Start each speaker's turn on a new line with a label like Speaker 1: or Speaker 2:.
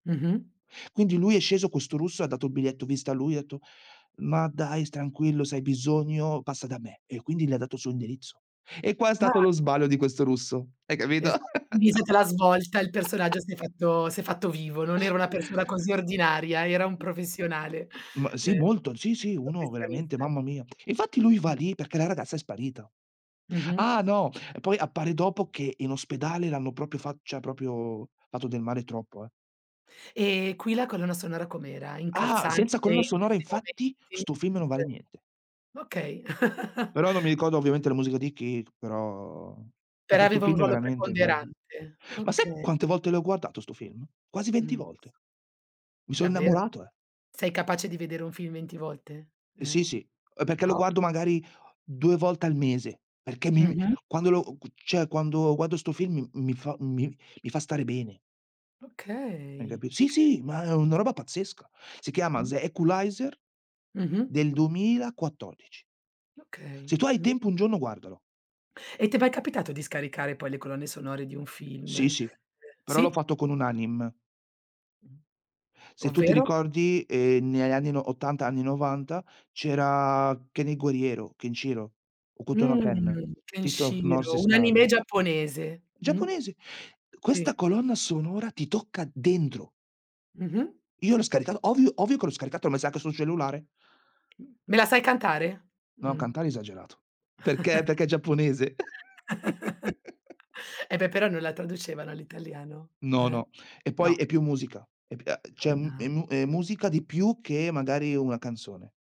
Speaker 1: Mh-mh.
Speaker 2: Quindi lui è sceso, questo russo, e ha dato il biglietto vista a lui, etto: "Ma dai tranquillo, se hai bisogno passa da me" e io "Quindi le ha dato il suo indirizzo?" E qua è stato
Speaker 1: [unintelligible]
Speaker 2: lo sbaglio di questo russo. Hai capito?
Speaker 1: Esa [unintelligible] lì è stata la svolta, il personaggio si è fatto si è fatto vivo, non era una persona così ordinaria, era un professionale.
Speaker 2: M
Speaker 1: Ehm,
Speaker 2: sì, molto, sì, sì, uno veramente,
Speaker 1: professionista.
Speaker 2: mamma mia. E infatti lui va lì perché la ragazza è sparito.
Speaker 1: Mh-mh.
Speaker 2: Ah, no! Poi, appare dopo che in ospedale l'hanno proprio fa cioè proprio, fatto del male troppo, eh.
Speaker 1: E qui, la colonna sonora com'era?
Speaker 2: Ah! Senza
Speaker 1: Incalzante,
Speaker 2: colonna
Speaker 1: in
Speaker 2: sonora,
Speaker 1: questi
Speaker 2: infatti,
Speaker 1: momenti?
Speaker 2: 'sto film non vale
Speaker 1: Uhm
Speaker 2: niente.
Speaker 1: Okay.
Speaker 2: Però, non mi ricordo ovviamente la musica di chi c però
Speaker 1: Però
Speaker 2: perché 'sto
Speaker 1: aveva un
Speaker 2: film, è
Speaker 1: ruolo
Speaker 2: veramente guardi
Speaker 1: preponderante.
Speaker 2: ma sai,
Speaker 1: Okay.
Speaker 2: quante volte l'ho guardato 'sto film? Quasi 20
Speaker 1: Mh, s
Speaker 2: volte. Mi son
Speaker 1: davver
Speaker 2: innamorato, eh.
Speaker 1: sei capace di vedere un film 20 volte?
Speaker 2: E
Speaker 1: Eh.
Speaker 2: sì, sì. Eh, perché lo
Speaker 1: Wow!
Speaker 2: guardo magari, 2 volte al mese, perché mi, mhmm
Speaker 1: Mh-mh.
Speaker 2: quando lo [unintelligible] cioè, quando guardo 'sto film m m mi fa m mi fa stare bene. Hai
Speaker 1: Okay. Okay.
Speaker 2: capi sì, sì, ma è una roba pazzesca. Si chiama
Speaker 1: Mh.
Speaker 2: "The Equalizer",
Speaker 1: Mh-mh.
Speaker 2: del 2014.
Speaker 1: Okay.
Speaker 2: Se tu hai
Speaker 1: Mh.
Speaker 2: tempo, un giorno, guardalo.
Speaker 1: E ti è mai capitato di scaricare poi le colonne sonore di un
Speaker 2: Sì,
Speaker 1: film?
Speaker 2: sì, però l'ho
Speaker 1: Sì?
Speaker 2: fatto con un anime.
Speaker 1: Mh?
Speaker 2: Se tu ti
Speaker 1: Ovvero?
Speaker 2: ricordi, ehm, negli anni no '80, anni '90, c' era, "Ken il guerriero", "Ken Shiro", "Okuto no Ken",
Speaker 1: Mh! "Ken
Speaker 2: "Fist of North
Speaker 1: Shiro", un anime
Speaker 2: Estar".
Speaker 1: giapponese, mh?
Speaker 2: Giapponese! Questa
Speaker 1: Sì.
Speaker 2: colonna sonora ti tocca dentro.
Speaker 1: Mh-mh.
Speaker 2: Io l'ho scaricata, ovvio, ovvio che l'ho scaricata, ho messa anche sul cellulare.
Speaker 1: M me la sai cantare?
Speaker 2: No,
Speaker 1: Mh.
Speaker 2: cantare esagerato. Perché perché è giapponese.
Speaker 1: E beh, però non la traducevano all'italiano.
Speaker 2: No,
Speaker 1: Eh?
Speaker 2: no, e poi,
Speaker 1: No.
Speaker 2: è più musica. E p uhm, c'è m è
Speaker 1: Anna
Speaker 2: mu è musica di più che, magari, una canzone.